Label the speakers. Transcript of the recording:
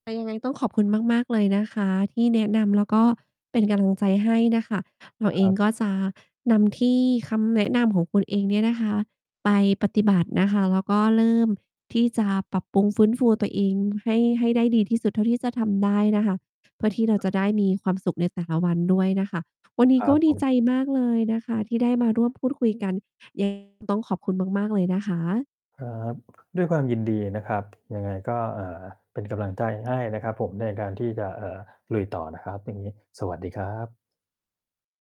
Speaker 1: แต่ยังไงต้องขอบคุณมาก ๆ เลยนะคะที่แนะนำ แล้วก็เป็นกำลังใจให้น่ะค่ะ เราเ
Speaker 2: ค
Speaker 1: อ
Speaker 2: ร
Speaker 1: ง
Speaker 2: ับ
Speaker 1: ก็จะนำที่ คำแนะนำของคุณเองเนี่ยนะคะ ไปปฏิบัตินะคะ แล้วก็เริ่มที่จะปรับปรุงฟื้นฟูตัวเองให้ ให้ได้ดีที่สุดเท่าที่จะทำได้นะคะ เพื่อที่เราจะได้มีความสุขในแต่ละวันด้วยนะคะ วันนี
Speaker 2: ค
Speaker 1: ้
Speaker 2: รั
Speaker 1: ก็
Speaker 2: บ
Speaker 1: ด
Speaker 2: ผ
Speaker 1: ี
Speaker 2: ม
Speaker 1: ใจมากเลยนะคะที่ได้มาร่วมพูดคุยกัน ยัง ไง ต้องขอบคุณมาก ๆ เลยนะคะ
Speaker 2: ครับ ด้วยความยินดีนะครับ ยังไงก็ เอ่อ เป็นกำลังใจให้ นะครับผมในการที่จะ เอ่อ ลุยต่อนะครับ วันนี้สวัสดีครับ